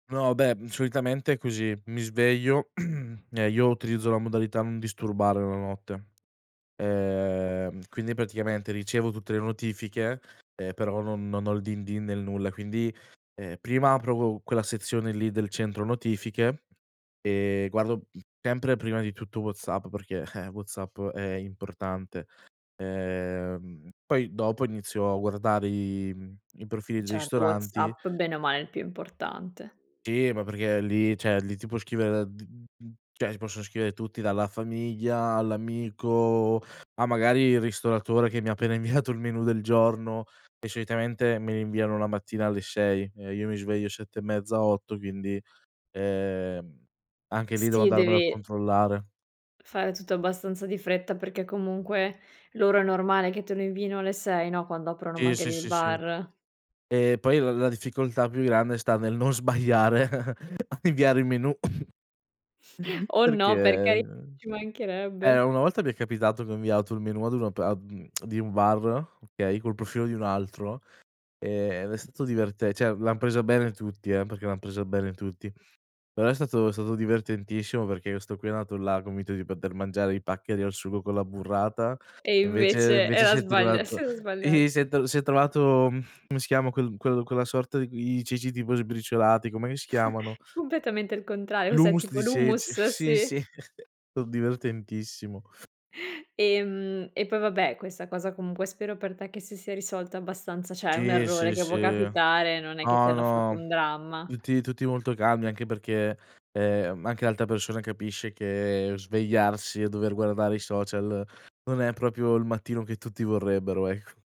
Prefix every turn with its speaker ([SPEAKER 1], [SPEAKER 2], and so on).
[SPEAKER 1] No, beh, m solitamente così, mi sveglio, ehm, io utilizzo la modalità "non disturbare" la notte. Ehm, quindi praticamente ricevo tutte le notifiche, ehm, però non non ho il "din din" nel nulla. Quindi, ehm, prima apro qu quella sezione lì del centro notifiche, ehm, guardo sempre prima di tutto WhatsApp, perché, eh, WhatsApp è importante. Ehm, poi dopo inizio a guardare i i profili dei
[SPEAKER 2] Certo,
[SPEAKER 1] ristoranti
[SPEAKER 2] WhatsApp bene o male è il più importante.
[SPEAKER 1] Sì, ma perché lì, cioè, lì ti può scrivere da d d cioè, ti possono scrivere tutti, dalla famiglia all'amico, a magari il ristoratore che mi ha appena inviato il menù del giorno e solitamente me li inviano la mattina alle 6 e io mi sveglio 7 e mezza 8, quindi, ehm, anche lì devo
[SPEAKER 2] Sì,
[SPEAKER 1] andarmelo a
[SPEAKER 2] devi
[SPEAKER 1] controllare.
[SPEAKER 2] fare tutto abbastanza di fretta, perché comunque loro è normale che te lo inviino alle 6, no, quando aprono
[SPEAKER 1] Sì, sì,
[SPEAKER 2] magari il
[SPEAKER 1] sì, sì.
[SPEAKER 2] bar.
[SPEAKER 1] Ehm, poi l la difficoltà più grande sta nel non sbagliare a inviare il menù,
[SPEAKER 2] Oh
[SPEAKER 1] perché
[SPEAKER 2] no, per cari ci
[SPEAKER 1] eh,
[SPEAKER 2] mancherebbe!
[SPEAKER 1] una volta mi è capitato che ho inviato il menù ad una pa mhmm, di un bar, okay, col profilo di un altro, ehm, ed è stato diverte cioè l'han presa bene tutti, eh, perché l'han presa bene tutti. Però è stato è stato divertentissimo perché questo qui è andato là, convinto di poter mangiare i paccheri al sugo con la burrata
[SPEAKER 2] E
[SPEAKER 1] e
[SPEAKER 2] invece
[SPEAKER 1] invece invece
[SPEAKER 2] era
[SPEAKER 1] si è
[SPEAKER 2] sbagl si
[SPEAKER 1] trovato
[SPEAKER 2] era
[SPEAKER 1] i
[SPEAKER 2] sbagliato.
[SPEAKER 1] si è si è trovato, ehm, come si chiama quel quel quella sorta i i ceci tipo sbriciolati, com'è che si chiamano?
[SPEAKER 2] Completamente il contrario, cos'è,
[SPEAKER 1] L'hummus
[SPEAKER 2] tipo
[SPEAKER 1] di ceci.
[SPEAKER 2] l'hummus?
[SPEAKER 1] Sì,
[SPEAKER 2] Sì?
[SPEAKER 1] sì o divertentissimo.
[SPEAKER 2] Ehm, e poi vabbè, questa cosa comunque spero per te che si sia risolta abbastanza cioè è un
[SPEAKER 1] Sì,
[SPEAKER 2] errore
[SPEAKER 1] sì,
[SPEAKER 2] che
[SPEAKER 1] sì.
[SPEAKER 2] può capitare, non è che ti
[SPEAKER 1] No,
[SPEAKER 2] hanno fatto
[SPEAKER 1] no,
[SPEAKER 2] un dramma.
[SPEAKER 1] tutti tutti molto calmi, anche perché, ehm, anche l'altra persona capisce che svegliarsi e dover guardare i social non è proprio il mattino che tutti vorrebbero, ecc